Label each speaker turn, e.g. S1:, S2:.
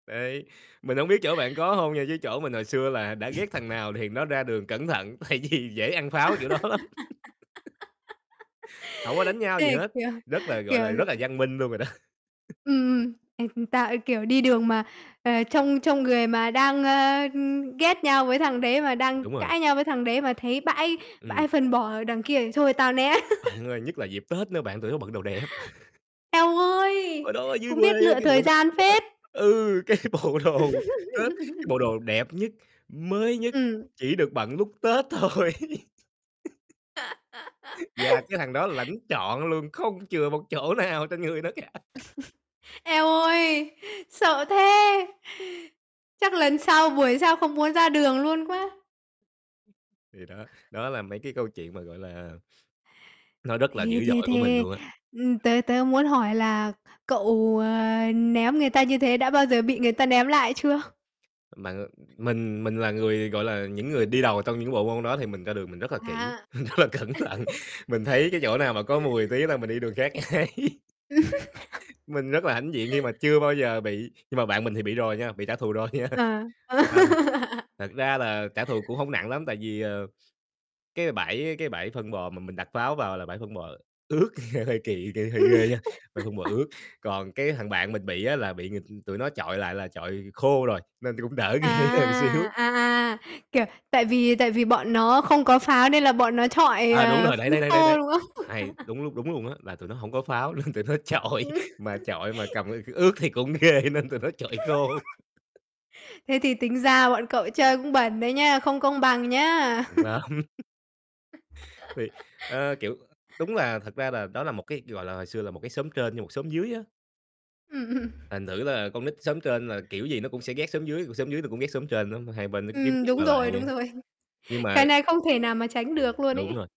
S1: Đấy, mình hổng biết chỗ bạn có hông nha, chứ chỗ mình hồi xưa là đã ghét thằng nào thì nó ra đường cẩn thận tại vì dễ ăn pháo kiểu đó lắm. Hổng có đánh nhau gì
S2: Thế
S1: hết,
S2: kiểu,
S1: rất là, gọi
S2: kiểu
S1: là, rất là văn minh luôn rồi đó.
S2: Ừm, ừm, ê, tao, ê, kiểu, đi đường mà, ờ, trông trông người mà đang, ơ, ưm, ghét nhau với thằng đấy mà đang
S1: Đúng rồi.
S2: cãi nhau với thằng đấy mà thấy bãi
S1: Ừm.
S2: bãi phân bò đằng kia thì thôi tao né.
S1: Bạn ơi, nhất là dịp Tết nữa bạn, tụi nó bận đồ đẹp.
S2: Eo ơi,
S1: Hồi đó ở dưới
S2: cũng
S1: quê
S2: biết
S1: á,
S2: lựa
S1: cái bộ
S2: thời
S1: đồ
S2: gian phết.
S1: [unintelligible] ừ, cái bộ đồ Tết, cái bộ đồ đẹp nhất, mới nhất,
S2: Ừm.
S1: chỉ được bận lúc Tết thôi. Và cái thằng đó lãnh trọn luôn, không chừa một chỗ nào trên người nó cả.
S2: Eo ơi, sợ thế! Chắc lần sau, buổi sau không muốn ra đường luôn quá.
S1: Thì đó, đó là mấy cái câu chuyện mà, gọi là, nó rất là dữ
S2: Thế thế
S1: dội của mình
S2: thế
S1: luôn á.
S2: ừm, tớ tớ muốn hỏi là cậu, ờ, ném người ta như thế đã bao giờ bị người ta ném lại chưa?
S1: Mà, ờ, mình mình là người, gọi là, những người đi đầu trong những bộ môn đó thì mình ra đường mình rất là kỹ,
S2: À.
S1: rất là cẩn thận. Mình thấy cái chỗ nào mà có mùi tí là mình đi đường khác ngay. Mình rất là hãnh diện khi mà chưa bao giờ bị, nhưng mà bạn mình thì bị rồi nha, bị trả thù rồi nha.
S2: À.
S1: Mà thật thật ra là trả thù cũng hông nặng lắm tại vì, ờ, cái bãi cái bãi phân bò mà mình đặt pháo vào là bãi phân bò ướt, nghe hơi kỳ, kiểu, hơi
S2: Ừm.
S1: ghê nha, ờ, phân bò ướt. Còn cái thằng bạn mình bị á là bị, ừm, tụi nó chọi lại là chọi khô rồi nên cũng đỡ ghê hơn
S2: À,
S1: xíu.
S2: à, à, kiểu, tại vì tại vì bọn nó không có pháo nên là bọn nó chọi,
S1: À, đúng
S2: ờ,
S1: rồi,
S2: phân
S1: đấy, đấy, đấy,
S2: khô,
S1: đấy.
S2: đúng không?
S1: Hay, đúng lúc đúng luôn á, là tụi nó hổng có pháo nên tụi nó chọi.
S2: Ừm.
S1: Mà chọi mà cầm ngay cái ướt thì cũng ghê nên tụi nó chọi khô.
S2: Thế thì tính ra bọn cậu chơi cũng bẩn đấy nhá, không công bằng nhá.
S1: Cảnh báo. Thì, ơ, kiểu, đúng là thật ra là đó là một cái, gọi là, hồi xưa là một cái xóm trên với một xóm dưới á.
S2: Ừm, ừm.
S1: Thành thử là con nít xóm trên là kiểu gì nó cũng sẽ ghét xóm dưới, còn xóm dưới nó cũng ghét xóm trên nữa, mà hai bên nó cứ kiếm
S2: Ừm,
S1: chuyện
S2: đúng
S1: qua lại
S2: rồi,
S1: vậy
S2: đúng
S1: á.
S2: rồi.
S1: Nhưng
S2: Cái
S1: mà
S2: này không thể nào mà tránh được luôn
S1: Đúng
S2: ấy.
S1: rồi.